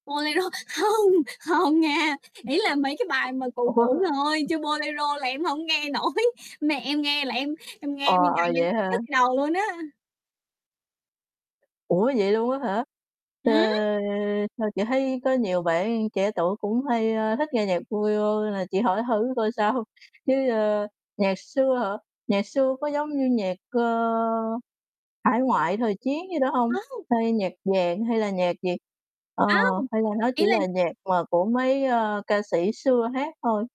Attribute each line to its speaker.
Speaker 1: Bolero, hông, hông nha, ý là mấy cái bài mà cũ
Speaker 2: Ủa?
Speaker 1: cũ thôi, chứ Bolero là em hổng nghe nổi. Mẹ em nghe là em em
Speaker 2: Ờ,
Speaker 1: nghe nguyên
Speaker 2: ờ,
Speaker 1: ngày em
Speaker 2: vậy hả?
Speaker 1: nhức đầu luôn á.
Speaker 2: Ủa, vậy luôn á hả? Ờ,
Speaker 1: Ừm!
Speaker 2: sao chị thấy có nhiều bạn trẻ tuổi cũng hay, a, thích nghe nhạc Bolero nên là chị hỏi thử coi sao. Chứ, ơ, nhạc xưa hả? Nhạc xưa có giống như nhạc, ơ, hải ngoại, thời chiến gì đó hông?
Speaker 1: Hông!
Speaker 2: Hay nhạc vàng, hay là nhạc gì? Ờ,
Speaker 1: Hông!
Speaker 2: hay là nó
Speaker 1: Ý
Speaker 2: chỉ
Speaker 1: là
Speaker 2: là nhạc mà của mấy, ơ, ca sĩ xưa hát thôi?